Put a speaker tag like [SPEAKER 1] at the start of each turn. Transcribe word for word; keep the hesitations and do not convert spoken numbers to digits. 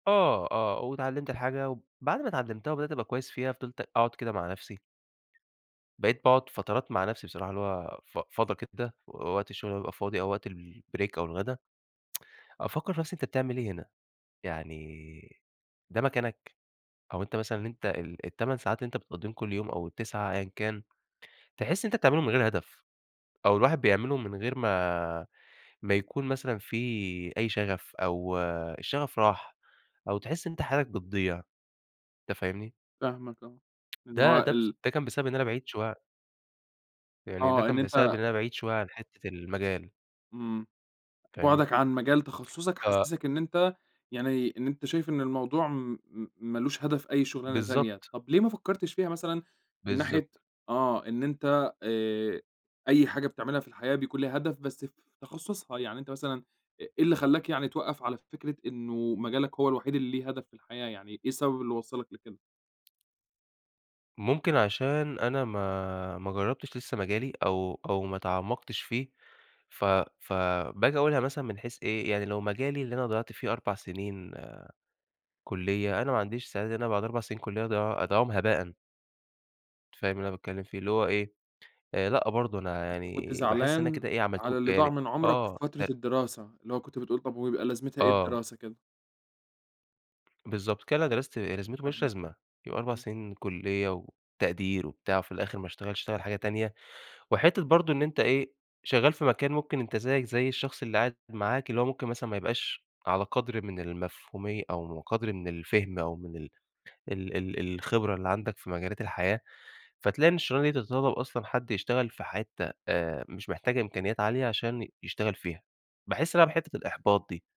[SPEAKER 1] آه، آه، واتعلّمت الحاجة وبعد ما اتعلّمتها وبدأت أبقى كويس فيها، فِضِلت أقعد كده مع نفسي. بقيت باقعُد فترات مع نفسي بصراحة اللي هو ف فضى كده و وقت الشغل بيبقى فاضي أو وقت الbreak أو الغدا أفكّر في نفسي أنت بتعمل إيه هنا؟ يعني ده مكانك؟ أو أنت مثلًا أنت ال التمان ساعات اللي أنت بتقضّيهم كل يوم أو التِسعَة أيًا كان، تحس إن أنت بتعملهم من غير هدف، أو الواحد بيعملهم من غير ما ما يكون مثلًا في أي شغف، أو الشغف راح، أو تحس إن أنت حالك بتضيع، أنت فاهمني؟
[SPEAKER 2] فاهمك آه، إن
[SPEAKER 1] ده
[SPEAKER 2] هو
[SPEAKER 1] ده بس
[SPEAKER 2] ال
[SPEAKER 1] ده كان بسبب إن أنا بعيد شوية عن يعني ده
[SPEAKER 2] آه إن
[SPEAKER 1] كان بسبب
[SPEAKER 2] أنت
[SPEAKER 1] إن أنا بعيد شوية عن حِتّة المجال.
[SPEAKER 2] إمم،
[SPEAKER 1] فاهمني؟
[SPEAKER 2] بُعدك عن مجال تخصُّصك
[SPEAKER 1] ف
[SPEAKER 2] حسِّسك إن أنت يعني إن أنت شايف إن الموضوع م م مالوش هدف أي شغلانة تانية،
[SPEAKER 1] بالضبط.
[SPEAKER 2] طَب ليه ما فكّرتش فيها مثلًا من ناحية
[SPEAKER 1] بالضبط.
[SPEAKER 2] آه إن أنت آآ، أي حاجة بتعملها في الحياة بيكون لها هدف بس في تخصُّصها، يعني أنت مثلًا أ إيه اللي خلّاك يعني توَقّف على فكرة إنه مجالك هو الوحيد اللي ليه هدف في الحياة، يعني إيه السبب اللي وصّلك لكده؟
[SPEAKER 1] ممكن عشان أنا ما ما جرّبتش لسه مجالي أو أو ما تعمّقتش فيه ف فباجي أقولها مثلًا من حيث إيه، يعني لو مجالي اللي أنا ضيّعت فيه أربع سنين كُليّة، أنا ما عنديش استعداد إن أنا بعد أربع سنين كُليّة أضيع أضيّعهم هباءًا. فاهم اللي أنا باتكلم فيه؟ اللي هو إيه، آآ، لأ برضه، أنا
[SPEAKER 2] أنت كنت
[SPEAKER 1] يعني باحس إن أنا
[SPEAKER 2] زعلان
[SPEAKER 1] كده إيه
[SPEAKER 2] على
[SPEAKER 1] عملتهم
[SPEAKER 2] اللي ضاع
[SPEAKER 1] يعني
[SPEAKER 2] من عُمرك في
[SPEAKER 1] آه
[SPEAKER 2] فترة
[SPEAKER 1] [unintelligible]
[SPEAKER 2] الدراسة، اللي هو كنت بتقول طَب وهو يبقى لازمتها إيه
[SPEAKER 1] آه.
[SPEAKER 2] الدراسة كده.
[SPEAKER 1] بالضبط، كل اللي أنا درَستُه إيه لازمته؟ ما لوش
[SPEAKER 2] فاهمك،
[SPEAKER 1] لازمة، يبقى أربع
[SPEAKER 2] إمم.
[SPEAKER 1] سنين كُليّة وتقدير وبتاع وفي الآخر ما اشتغلش، اشتغل حاجة تانية، وحِتّة برضه إن أنت إيه، شغّال في مكان ممكن أنت زيّك زي الشخص اللي قاعد معاك اللي هو ممكن مثلًا ما يبقاش على قدر من المفهومية أو قدر من الفهم أو من ال ال ال الخبرة اللي عندك في مجالات الحياة، فتلاقي إن الشغلانة دي تتطلّب أصلًا حد يشتغل في حِتّة آآ، مش محتاجة إمكانيات عالية عشان يشتغل فيها، باحس هنا بحِتّة الإحباط دي.